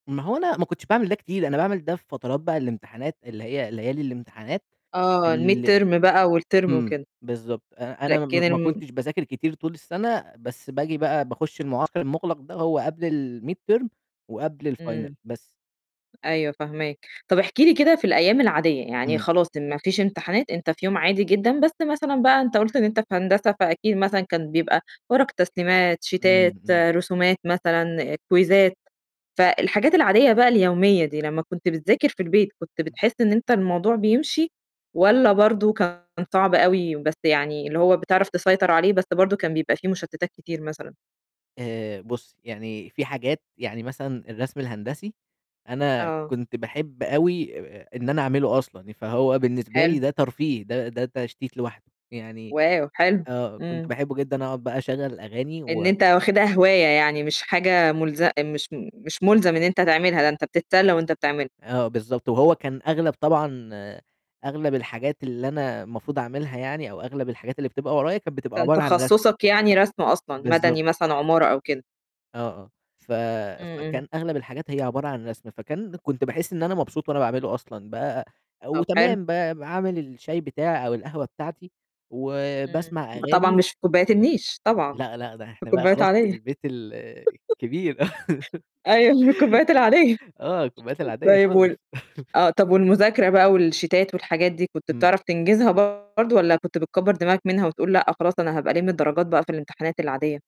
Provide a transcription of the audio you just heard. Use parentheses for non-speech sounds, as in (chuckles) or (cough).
ما هو أنا ما كنتش باعمل ده كتير، أنا باعمل ده في فترات بقى الإمتحانات، اللي هي ليالي الإمتحانات آه الmid ال term بقى والterm إمم، وممكن. بالضبط آآ، أنا ما لكن ما الم كنتش باذاكر كتير طول السَنة بس بآجي بقى باخُش المُعسكر المُغلَق ده هو قبل الmid term وقبل الfinal إمم. بس. أيوه فاهماك. طَب احكِ لي كده في الأيام العادية، يعني إمم. خلاص ما فيش إمتحانات، أنت في يوم عادي جدًا بس مثلًا بقى أنت قُلت إن أنت في هندسة فأكيد مثلًا كان بيبقى ورق تسليمات، إمم، شيتات، إمم. رسومات مثلًا كويزّات فالحاجات العادية بقى اليومية دي، لمّا كنت بتذاكر في البيت كنت إمم. بتحس إن أنت الموضوع بيمشي، والّا برضه كان صعب أوي بس يعني اللي هو بتعرف تسيطر عليه بس برضه كان بيبقى في مُشتتات كتير مثلًا؟ آآ، بُصّي يعني في حاجات يعني مثلًا الرسم الهندسي، أنا آه. كنت باحب أوي آآ آآ إن أنا أعمله أصلًا ي فهو بالنسبة لي حلو. ده ترفيه ده ده تشتيت لوحده، يعني واو! حلو. آه، كنت إمم. باحبّه جدًا أقعُد بقى أشغّل الأغاني إن و أنت واخِدها هواية يعني، مش حاجة مُلز مش م مش مُلزم إن أنت تعملها ده أنت بتتسلّى وأنت بتعملها. آه، بالضبط، وهو كان أغلب طبعًا أغلب الحاجات اللي أنا المفروض أعملها يعني أو أغلب الحاجات اللي بتبقى ورايا كانت بتبقى كان عبارة عن رَسم. تخصُصك يعني رَسم أصلًا؟ بالضبط. مدني مثلًا عمارة أو كده؟ آه، آه، ف إمم، إمم. فكان أغلب الحاجات هي عبارة عن رَسم، فكان كنت باحس إن أنا مبسوط وأنا باعمله أصلًا، بقى طَب حلو. وتمام بقى باعمل الشاي بتاعي أو القهوة بتاعتي إمم، وباسمع ب طبعًا أغاني مش في كوبايات النيش طبعًا، لأ، لأ، ده في إحنا بقى كوبايات خلاص في عادية. البيت ال (laughs) الكبير. (chuckles) أيوه في الكوبايات العادية، آه، الكوبايات العادية طيب وال خالص. (chuckles) آه طَب والمذاكرة بقى والشيتات والحاجات دي كنت إمم. بتعرف تنجزها برضه والّا كنت بتكبّر دماغك منها وتقول لأ، خلاص أنا هابقى ألِم الدرجات بقى في الإمتحانات العادية؟